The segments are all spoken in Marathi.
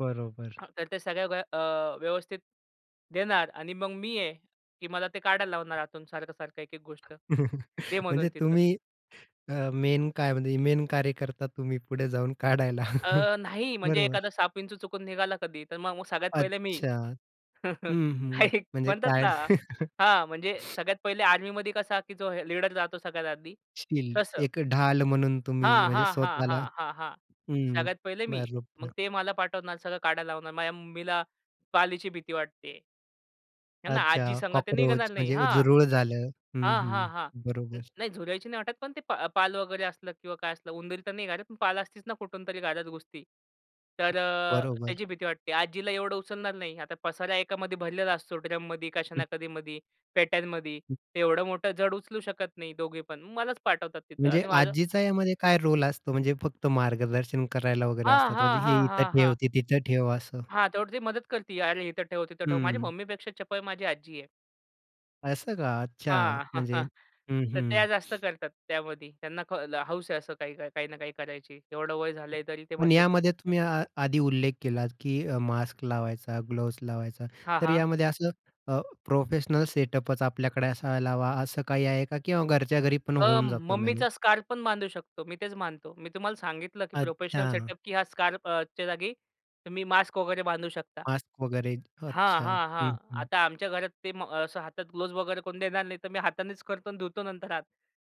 बरोबर. [unintelligible] तर ते सगळ्या [unintelligible] अ, व्यवस्थित देणार आणि मग मी आहे की मला ते काढायला लावणार आतून सारखं-सारखं, एक-एक गोष्ट. दे म्हणून म्हणजे तिथं. तुम्ही अ, मेन काय म्हणजे मेन कार्यकर्ता तुम्ही पुढे जाऊन काढायला. अ, नाही, म्हणजे बरोबर. एखादा साप, विंचु चुकून निघाला कधी, तर मग मग सगळ्यात पहिले मी. अच्छा. हं, हां, हं. एक म्हणजे म्हणतात काय? ना हां म्हणजे सगळ्यात पहिले आर्मीमध्ये कसा की जो हे लीडर जातो सगळ्यात आधी, शील्ड तसं. एक ढाल म्हणून तुम्ही हां, म्हणजे हां, हां, स्वतःला हां, हां. हं. सगळ्यात पहिले मी. मग बरोबर. ते मला पाठवणार. सगळं काढायला लावणार. माझ्या मम्मीला पालीची भीती वाटते. आहे ना, आजी अच्छा. संग ते न निघणार कॉकरोच नाही. म्हणजे हां, झुरळ झालं. हं, हां, हं. हां, हां. बरोबर. नाही झुरळांची नाही वाटत, पण ते पा पाल वगैरे असलं किंवा काय असलं उंदीर तर नाही घरात, पण पाल असतीच ना कुठूनतरी घरात घुसती. तर अ, बरोबर. त्याची भीती वाटते. आजीला एवढं उचलणार नाही. आता पसारा एकामध्ये भरलेला असतो. ड्रममधी, कशा ना कशा मधी, पेट्यांमध्ये. एवढं मोठं जड उचलू शकत नाही दोघीपण, मलाच पाठवतात तिथं म्हणजे आणि माझं आजीचा यामध्ये काय रोल असतो, म्हणजे फक्त मार्गदर्शन करायला वगैरे हां, असतात. म्हणजे हां, हे हां, इथं हां, ठेव, हां. ते तिथं ठेव असं. हां, तेवढं ती मदत करती अरे, इथं ठेव, तिथं ठेव. माझी हं. मम्मीपेक्षा चपळ माझी आजी आहे. असं का अच्छा हां, म्हणजे हं, तर हं. त्या जास्त करतात त्यामध्ये. त्यांना क हौस आहे असं काही, काही ना काही करायची. एवढं वय झालंय तरी ते पण म्हणतात यामध्ये तुम्ही आ आधी उल्लेख केलात की अ, मास्क लावायचा, ग्लोज लावायचा. हां, तर हां. यामध्ये असं अ, प्रोफेशनल सेटअपच आपल्याकडे असायला हवा असं काही आहे का किंवा घरच्या घरी पण अ, होऊन जातं मम्मीचा मॅनेज? स्कार्फ पण बांधू शकतो. मी तेच बांधतो. मी तुम्हाला सांगितलं की प्रोफेशनल अच्छा. सेटअप की हा स्कार्फच्या जागी तुम्ही मास्क वगैरे बांधू शकता. मास्क वगैरे. हां, अच्छा. हां, हां. हं. आता आमच्या घरात ते म असं हातात ग्लोव्हज वगैरे कोण देणार नाही. तर मी हातानेच करतो आणि धुतो नंतर हात.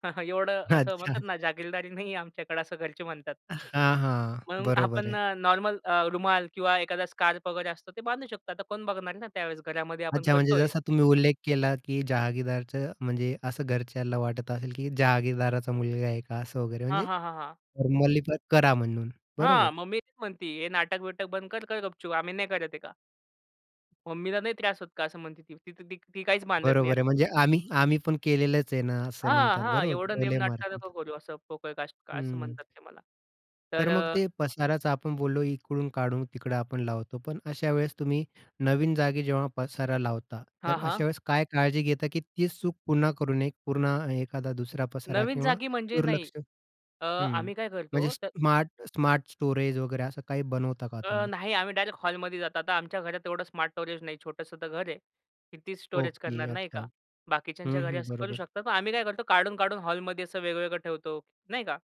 एवढं असं अच्छा. म्हणतात ना, जहारगिररदारी नाहीये आमच्याकडे असं घरचे म्हणतात. हां, हां. म्हणून बरोबर आपण आहे. अ, नॉर्मल अ, रुमाल किंवा एखादा स्कार्फ वगैरे असतो ते बांधू शकतो. आता कोण बघणार आहे ना त्यावेळेस घरामध्ये, आपण अच्छा, म्हणजे करतोय. जसा तुम्ही उल्लेख केला की जहागीरदारचं म्हणजे असं घरच्याला वाटत असेल की जहागीरदाराचा मुलगा आहे का असं वगैरे हां, म्हणजे हां, हां, हां. म्हणले की करा म्हणून. बरोबर. हां. मम्मी तेच म्हणती, हे नाटक-बिटक बंद कर. कर गपचूप. आम्ही नाही करत आहे का. मम्मीला नाही त्रास होत का असं म्हणते, ती तर ती काहीच बांधत नाही. बरोबर आहे. म्हणजे आम्ही आम्ही पण केलेलंच आहे ना, असं हां. म्हणतात. हां. बरोबर एवढं नेम टोले नाटकं नको मारतात. करू असं पोकळ कष्ट असं हं. म्हणतात ते मला. तर तर मग अ ते पसाराचं आपण बोललो इकडून काढून तिकडं आपण लावतो, पण अशा वेळेस तुम्ही नवीन जागी जेव्हा पसारा लावता, हां, तर हां. अशावेळेस काय काळजी घेता की तीच चूक पुन्हा करू नये. एक पूर्ण एखादा दुसरा पसारा नवीन किंवा जागी म्हणजे नाही. दुर्लक्ष अ, हं. आम्ही काय म्हणजे करतो? तर स्मार्ट स्मार्ट स्टोरेज वगैरे असं काही बनवता का अ, तुम्ही? नाही आम्ही डायरेक्ट हॉलमध्ये जात आता आमच्या घरात एवढं स्मार्ट स्टोरेज नाही छोटंसं तर घर आहे. कितीच स्टोरेज ओके. करणार नाही का? अच्छा. आ, बाकीच्यांच्या हं, घरी हं. असं करू बरोबर. शकतात मग आम्ही काय करतो काढून, काढून हॉलमध्ये असं वेगवेगळं ठेवतो. नाही का?